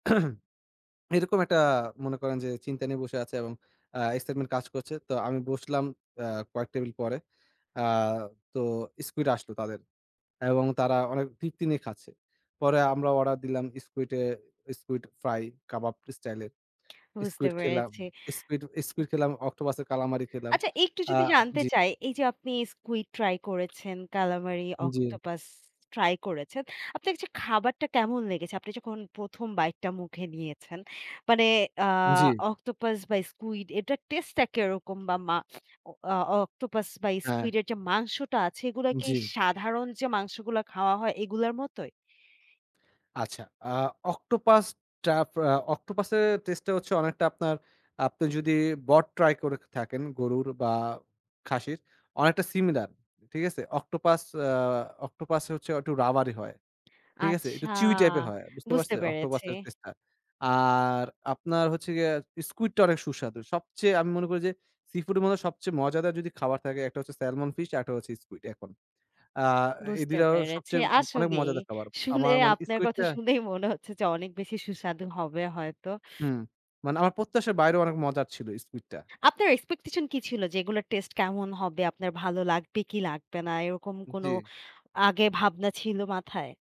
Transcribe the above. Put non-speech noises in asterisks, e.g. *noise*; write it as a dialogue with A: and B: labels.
A: *clears throat* এরকম একটা আ মনে করেন যে, চিন্তা নিয়ে বসে আছে এবং আ excitement কাজ করছে। তো আমি বসলাম আ কয়েক টেবিল পরে। আ তো স্কুইড আসলো তাদের। এবং তারা অনেক তৃপ্তি নিয়ে খাচ্ছে। পরে আমরা অর্ডার দিলাম স্কুইড এ স্কুইড ফ্রাই কাবাব স্টাইলে।
B: বুঝতে
A: স্কুইড খেলাম,
B: পেরেছি।
A: স্কুইড স্কুইড খেলাম, অক্টোপাসের কালামারি খেলাম।
B: আচ্ছা, একটু
A: আ
B: যদি জানতে
A: জি।
B: চাই, এইযে আপনি স্কুইড ট্রাই করেছেন, কালামারি,
A: জ্বি।
B: অক্টোপাস ট্রাই করেছেন। আপনার কাছে খাবারটা কেমন লেগেছে? আপনি যখন প্রথম bite টা মুখে নিয়েছেন মানে, আ
A: জ্বি।
B: অক্টোপাস বা, স্কুইড, এটার টেস্টটা কিরকম বা, মা অ আ অক্টোপাস বা,
A: হ্যাঁ।
B: স্কুইডের যে মাংসটা আছে, এগুলা কি
A: জ্বি।
B: সাধারণ যে মাংসগুলা খাওয়া হয়, এগুলার মতই?
A: আচ্ছা, আ অক্টোপাস টাপ আ অক্টোপাসের টেস্টেটা হচ্ছে অনেকটা আপনার আপনি যদি বট ট্রাই করে থাকেন গরুর বা খাসির, অনেকটা সিমিলার। ঠিক আছে? অক্টোপাস আ অক্টোপাস হচ্ছে একটু rubbery হয়। ঠিক আছে? একটু
B: আচ্ছা।
A: chewy টাইপের হয়। বুঝতে
B: বুঝতে
A: পারছেন?
B: পেরেছি।
A: অক্টোপাসের টেস্টটা। আর আপনার হচ্ছে গিয়া স্কুইডটা অনেক সুস্বাদু। সবচেয়ে আমি মনে করি যে, সিফুডের মধ্যে সবচেয়ে মজাদার যদি খাবার থাকে, একটা হচ্ছে স্যালমন ফিশ, আরেকটা হচ্ছে স্কুইড এখন। আ এই ২
B: বুঝতে
A: টাও
B: পেরেছি।
A: সবচেয়ে অনেক ম
B: আসলেই।
A: মজাদার খাবার।
B: শুনে
A: আমার মানে
B: আপনার কথা
A: স্কুইডটা
B: শুনেই মনে হচ্ছে যে অনেক বেশি সুস্বাদু হবে হয়তো।
A: হুম। মানে আমার প্রত্যাশার বাইরেও অনেক মজার ছিল স্কুইডটা।
B: আপনার expectation কি ছিল যে, এগুলোর টেস্ট কেমন হবে? আপনার ভালো লাগবে কি লাগবে না? এরকম কোন
A: জ্বী।
B: আগে ভাবনা ছিল মাথায়?